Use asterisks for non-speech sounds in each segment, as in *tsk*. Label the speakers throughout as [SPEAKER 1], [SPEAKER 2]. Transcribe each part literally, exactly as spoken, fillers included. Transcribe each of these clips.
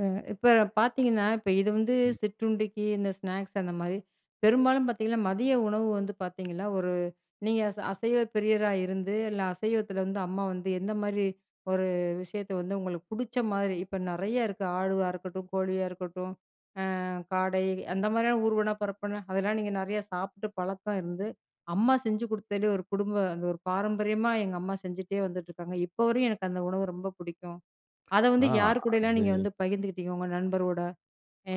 [SPEAKER 1] அ இப்ப பார்த்தீங்கன்னா, இப்ப இது வந்து
[SPEAKER 2] ம்.
[SPEAKER 1] சிற்றுண்டிக்கு இந்த ஸ்நாக்ஸ் அந்த மாரி. பெரும்பாலும் பார்த்தீங்கன்னா, மதிய உணவு வந்து பார்த்தீங்களா, ஒரு நீங்க ச அசைவ பிரியரா இருந்து, இல்ல அசைவத்தில வந்து அம்மா வந்து எந்த மாரி ஒரு விஷயத்த வந்து உங்களுக்கு புடிச்ச மாரி, இப்ப நெறையா இருக்கு. ஆடுவா இருக்கட்டும், கோழியா இருக்கட்டும், அ காடை அந்த மாரியான ஊர்வன, பறப்பன அதெல்லாம் நீங்க நெறைய சாப்பிட்டு பழக்கம் இருந்து, அம்மா செஞ்சு குடுத்தது ஒரு குடும்ப அந்த ஒரு பாரம்பரியமா எங்க அம்மா செஞ்சுட்டே வந்துட்ருக்காங்க. இப்ப வரையும் எனக்கு அந்த உணவு ரொம்ப புடிக்கும். அத வந்து
[SPEAKER 2] அ
[SPEAKER 1] யார் கூடயல்லாம்
[SPEAKER 2] அது
[SPEAKER 1] நீங்க வந்து பகிர்ந்துக்கிட்டீங்க? உங்க நண்பரோட,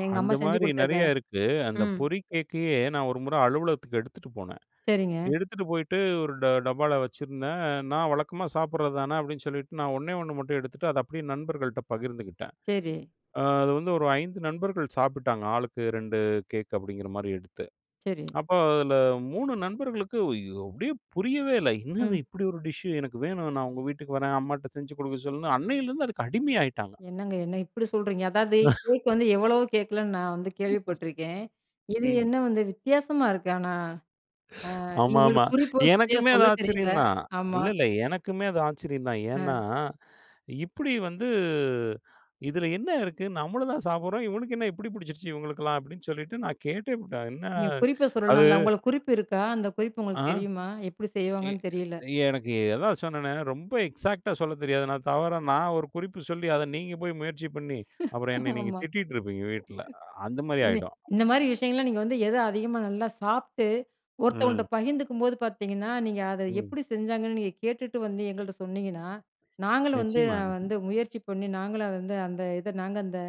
[SPEAKER 1] எங்க அம்மா
[SPEAKER 2] அந்த
[SPEAKER 1] செஞ்சு
[SPEAKER 2] மாரி
[SPEAKER 1] குடுத்தத.
[SPEAKER 2] நெறைய இருக்கு. அந்த
[SPEAKER 1] ம்.
[SPEAKER 2] பொறி கேக்கையே, நான் ஒரு முறை அலுவலகத்துக்கு எடுத்துட்டு போனேன்.
[SPEAKER 1] சரிங்க.
[SPEAKER 2] எடுத்துட்டு போயிட்டு, ஒரு ட டப்பால வச்சுருந்தேன். "நா வழக்கமா சாப்புடுறது தான." அப்படீன்னு சொல்லிட்டு, நான் ஒண்ணே ஒண்ண மட்டும் எடுத்துட்டு, அத அப்டியே நண்பர்கள்ட்ட பகிர்ந்துக்கிட்டேன்.
[SPEAKER 1] சரி.
[SPEAKER 2] அது வந்து ஒரு ஐந்து நண்பர்கள் சாப்பிட்டாங்க. "ஆளுக்கு ரெண்டு கேக்" அப்படீங்கிற மாரி எடுத்து.
[SPEAKER 1] சரி.
[SPEAKER 2] *tsk* அப்ப அதில மூணு நண்பர்களுக்கு, ஐயோ! அப்டியே புரியவே இல்ல. என்னது
[SPEAKER 1] ம்.
[SPEAKER 2] இப்டி ஒரு டிஷ்ஷு? எனக்கு வேணும். நான் உங்க வீட்டுக்கு வரேன். அம்மாட்ட செஞ்சு குடுக்க சொல்லுன்னு, அன்னையிலேருந்து அதுக்கு அடிமை ஆயிட்டாங்க.
[SPEAKER 1] என்னங்க? என்ன இப்டி சொல்றீங்க? அதாவது, கேக்
[SPEAKER 2] *chuckles*
[SPEAKER 1] வந்து எவ்வளவோ கேக்கல்லாம் நா வந்து கேள்விப்பட்டுருக்கேன்.
[SPEAKER 2] *chuckles*
[SPEAKER 1] இது
[SPEAKER 2] இ
[SPEAKER 1] என்ன வந்து வித்தியாசமா இருக்கு ஆனா? அ நீங்க ஒரு
[SPEAKER 2] ஆமாமா.
[SPEAKER 1] குறிப்பும் சரியா
[SPEAKER 2] எனக்குமே அது
[SPEAKER 1] சொல்ல தெரியல.
[SPEAKER 2] ஆச்சரியம் தான்.
[SPEAKER 1] ஆமா.
[SPEAKER 2] இல்ல, இல்ல எனக்குமே அது ஆச்சரியம் தான். ஏன்னா,
[SPEAKER 1] அ.
[SPEAKER 2] "இப்டி வந்து இதில என்ன இருக்கு? நம்மளும் தான் சாப்பிடுறோம். இவனுக்கு என்ன இப்டி புடிச்சுருச்சு இவங்களுக்கெல்லாம்." அப்படீன்னு சொல்லிட்டு நான் கேட்டே புட்டேன். அது என்ன,
[SPEAKER 1] நீங்க குறிப்ப
[SPEAKER 2] அது
[SPEAKER 1] சொல்லலாம்ல்ல. உங்களுக்கு குறிப்பு இருக்கா? அந்த குறிப்பு
[SPEAKER 2] ஆ.
[SPEAKER 1] உங்களுக்கு தெரியுமா? எப்டி
[SPEAKER 2] எ
[SPEAKER 1] செய்வாங்கன்னு தெரியல.
[SPEAKER 2] எனக்கு அதான் சொன்னனே, ரொம்ப எக்ஸாக்ட்டா சொல்ல தெரியாது. நான் தவறா நான் ஒரு குறிப்பு சொல்லி, அத நீங்க போய் முயற்சி பண்ணி, அப்பறம் என்னை
[SPEAKER 1] *laughs*
[SPEAKER 2] நீங்க
[SPEAKER 1] ஆமா.
[SPEAKER 2] திட்டிட்டுருப்பீங்க வீட்ல. அந்த மாரி
[SPEAKER 1] இது,
[SPEAKER 2] ஆயிடும்.
[SPEAKER 1] இந்த மாரி விஷயங்கள்லாம், நீங்க வந்து எத அதிகமா நல்லா சாப்பிட்டு,
[SPEAKER 2] ம்.
[SPEAKER 1] ஒருத்தவங்கள்ட்ட பகிர்ந்துக்கும்போது பார்த்தீங்கன்னா, நீங்க அத
[SPEAKER 2] ம்.
[SPEAKER 1] எப்டி செஞ்சாங்கன்னு நீங்க கேட்டுட்டு வந்து, எங்கள்ட்ட சொன்னீங்கன்னா, நாங்களும் வந்து
[SPEAKER 2] நிச்சியமா,
[SPEAKER 1] வந்து
[SPEAKER 2] நிச்சியமா.
[SPEAKER 1] முயற்சி பண்ணி நாங்களும் அத வந்து, அந்த இதை நாங்க அந்த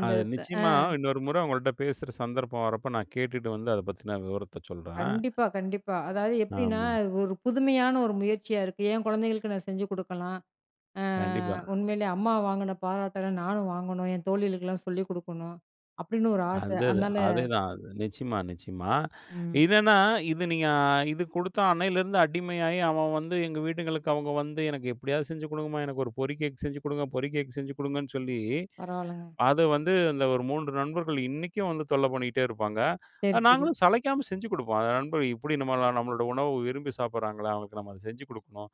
[SPEAKER 1] அந்த
[SPEAKER 2] அது
[SPEAKER 1] ஸ் அ.
[SPEAKER 2] நிச்சியமா இன்னொரு முறை உங்கள்ட்ட பேசுற சந்தர்ப்பம் வரப்ப, நான் கேட்டுட்டு வந்து அத பத்தின விவரத்த சொல்றேன்.
[SPEAKER 1] கண்டிப்பா, கண்டிப்பா. அதாவது எப்டின்னா,
[SPEAKER 2] ஆமா.
[SPEAKER 1] ஒரு புதுமையான ஒரு முயற்சியா இருக்கு. "என் குழந்தைகளுக்கு நான் செஞ்சு குடுக்கலாம். அ
[SPEAKER 2] கண்டிப்பா.
[SPEAKER 1] உண்மையிலே அம்மா வாங்குன பாராட்டல்லாம் நானும் வாங்கணும். என் தோழிகளுக்கெல்லாம் சொல்லி குடுக்கணும்." அப்டீன்னு ஒரு ஆசை.
[SPEAKER 2] அந்தது
[SPEAKER 1] அதனால,
[SPEAKER 2] அதேதான். நிச்சியமா, நிச்சியமா.
[SPEAKER 1] ம்.
[SPEAKER 2] இதன்னா இது நீங்க இது குடுத்த அன்னையிலேருந்து அடிமையாயி, அவன் வந்து எங்க வீட்டுங்களுக்கு அவங்க வந்து, எனக்கு எப்டியாவது செஞ்சு குடுங்கம்மா. எனக்கு ஒரு பொறி கேக் செஞ்சு குடுங்க, பொறி கேக் செஞ்சு குடுங்கன்னு சொல்லி,
[SPEAKER 1] பரவால்லங்க.
[SPEAKER 2] அத வந்து இந்த ஒரு மூன்று நண்பர்கள் இன்னைக்கும் வந்து தொல்ல பண்ணிட்டே இருப்பாங்க. அ
[SPEAKER 1] சரி, சரி.
[SPEAKER 2] நாங்களும் சளைக்காம செஞ்சு குடுப்போம். "அந்த நண்பர்களுக்கு இப்டி நம்பலான நம்மளோட உணவு விரும்பி சாப்பிடுறாங்களே! அவங்களுக்கு நம்ம அத செஞ்சு குடுக்கணும்."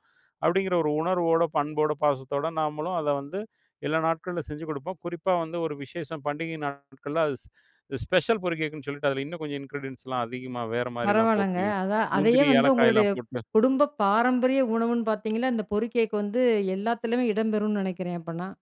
[SPEAKER 2] அப்படீங்கிற ஒரு உணர்வோட, பண்போட, பாசத்தோட நாமளும் அத வந்து எல்லா நாட்கள்ல செஞ்சு குடுப்போம். குறிப்பா வந்து ஒரு விசேஷம் பண்டிகை நாட்கள்ல, அது ஸ் ஸ்பெஷல் பொரி கேக்குன்னு சொல்லிட்டு அதில இன்னும் கொஞ்சம் இன்கிரீடியன்ட்ஸ்லாம் அதிகமா வேற மாரிலாம்
[SPEAKER 1] பரவால்லங்க.
[SPEAKER 2] போட்டு
[SPEAKER 1] அதான், அதையே
[SPEAKER 2] முந்திரி,
[SPEAKER 1] வந்து உங்களுடைய
[SPEAKER 2] ஏலக்காய்லாம் போட்டு.
[SPEAKER 1] குடும்ப பாரம்பரிய உணவுன்னு பார்த்தீங்கன்னா, இந்த பொரிக் கேக்கு வந்து எல்லாத்துலயுமே இடம் பெறும்ன்னு நெனைக்கிறேன், அப்பன்னா.